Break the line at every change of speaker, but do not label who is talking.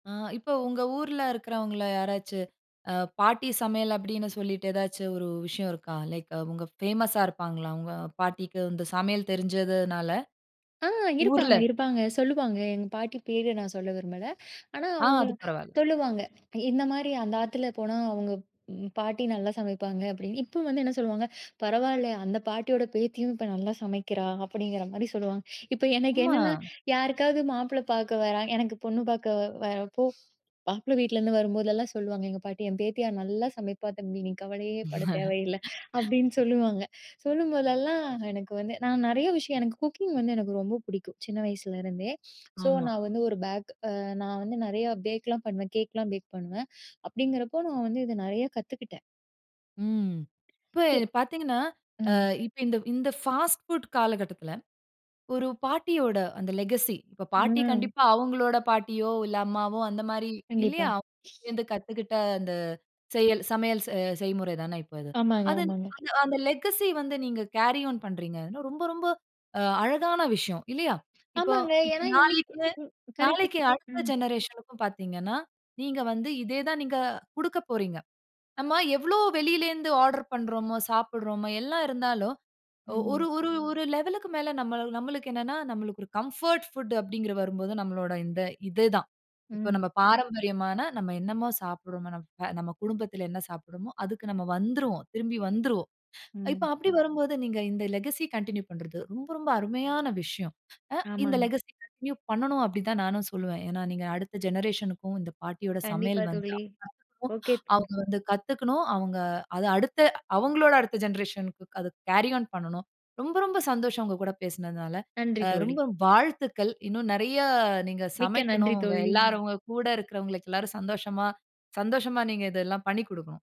ஆ இப்ப உங்க ஊர்ல இருக்கிறவங்கள்ல யாராச்சு அ 'பாட்டி சமையல்' அப்படின்னு சொல்லிட்டு, ஏதாச்சு ஒரு விஷயம் இருக்கா? லைக் அவுங்க ஃபேமஸா இருப்பாங்களா? உங்க பாட்டிக்கு இந்த சமையல் தெரிஞ்சதுனால,
ஆ
ஊர்ல?
இருப்பாங்க இருப்பாங்க சொல்லுவாங்க. எங்க பாட்டி பேர நான் சொல்ல விரும்பல. ஆனா
ஆ,
அவங்கள
அது பரவால்ல.
சொல்லுவாங்க. இந்த மாரி, "அந்த ஆத்துல போனா, அவங்க ம் பாட்டி நல்லா சமைப்பாங்க" அப்படின்னு. இப்ப வந்து என்ன சொல்லுவாங்க,"பரவால்லயே அந்த பாட்டியோட பேத்தியும் இப்ப நல்லா சமைக்கிறா" அப்படிங்கிற மாரி சொல்லுவாங்க. இப்ப எனக்கு
அம்மா!
என்னன்னா, யாருக்காவது மாப்பிளை பார்க்க வராங்க எனக்கு பொண்ணு பார்க்க வ வரப்போ மாப்பிள வீட்லேருந்து வரும்போதெல்லாம் சொல்லுவாங்க எங்க பாட்டி, "என் பேத்தியா நல்லா சமைப்பா தம்பி. நீ கவலையே படத் தேவையில்லை." அப்படின்னு சொல்லுவாங்க. சொல்லும்போதெல்லாம் எனக்கு வந்து நான் நிறைய விஷயம் எனக்கு குக்கிங் வந்து எனக்கு ரொம்ப புடிக்கும். சின்ன வயசுலருந்தே. ஸோ
ஆமா.
நான் வந்து ஒரு பேக் அ நான் வந்து நிறையா பேக்லாம் பண்ணுவேன். கேக்கலாம் பேக் பண்ணுவேன். அப்படிங்கிறப்போ நான் வந்து இத நிறையா கத்துக்கிட்டேன்.
ம். இப்ப
[unintelligible]
பார்த்தீங்கன்னா, அ
ம்.
இப்ப இந்த இந்த ஃபாஸ்ட் ஃபுட் காலகட்டத்துல, ஒரு பாட்டியோட அந்த லெகசி இப்ப பாட்டி
ம்.
கண்டிப்பா அவங்களோட பாட்டியோ, இல்ல அம்மாவோ அந்த மாரி
கண்டிப்பா.
இல்லையா, [unintelligible] டேயிருந்து கத்துக்கிட்ட அந்த செயல் சமையல் செ செய்முறை தான இப்ப இது.
ஆமாங்க,
அது
ஆமாங்க.
அந்த அந்த லெகசி வந்து நீங்க கேரி ஆன் பண்றீங்க, அதுலா ரொம்ப ரொம்ப அ அழகான விஷயம், இல்லையா? இப்ப
ஆமாங்க.
இப்ப
ஏன்னா இன்னைக்கு
நாளைக்கே
ம் கரெக்ட்.
நாளைக்கே அடுத்த
ம்.
ஜெனரேஷனுக்கும் பார்த்தீங்கன்னா, நீங்க வந்து இதே தான் நீங்க குடுக்க போறீங்க. நம்ம எவ்ளோ வெளில இருந்து ஆர்டர் பண்றோமோ, சாப்பிடுறோமா எல்லாம் இருந்தாலும் ஒ ஒரு
ம்.
ஒரு ஒரு லெவலுக்கு மேல நம்மளு நம்மளுக்கு என்னன்னா நம்மளுக்கு ஒரு கம்ஃபோர்ட் ஃபுட் அப்படின்கிறது வரும்போது நம்மளோட இந்த இது தான். இப்ப
ம்.
நம்ம பாரம்பரியமான நம்ம என்னமோ சாப்பிடுறமோ நம்ம நம்ம குடும்பத்தில என்ன சாப்பிடுறமோ அதுக்கு நம்ம வந்துருவோம். திரும்பி வந்துருவோம். இப்ப
ம்.
அப்படி வரும்போது நீங்க இந்த லெகசி கன்டின்யூ பண்றது ரொம்ப ரொம்ப அருமையான விஷயம். அ இந்த
ஆமாங்
லெகசி கன்டின்யூ பண்ணணும் அப்படிதான் நானும் சொல்லுவேன். ஏன்னா நீங்க அடுத்த ஜெனரேஷனுக்கும் இந்த பாட்டியோட சமையல்
கண்டிப்பா
வந்து
தோழி.
[unintelligible]
ஓகே
அவங்க
ப்ரெண்டு
வந்து கத்துக்கணும், அவங்க அத அடுத்த அவங்களோட அடுத்த ஜெனரேஷன்னுக்கு அத கேரி ஆன் பண்ணனும். ரொம்ப ரொம்ப சந்தோஷம் உங்க கூட பேசினதனால.
நன்றி
அ
தோழி.
ரொம்ப வாழ்த்துக்கள். இன்னும் நிறைய நீங்க
மிக்க நன்றி
சமைக்கணும். உங்க
தோழி.
எல்லாரும் உங்க கூட இருக்கிறவங்களுக்கு எல்லாரும் சந்தோஷமா சந்தோஷமா நீங்க இதை எல்லாம் பண்ணிக் கொடுக்கனும்.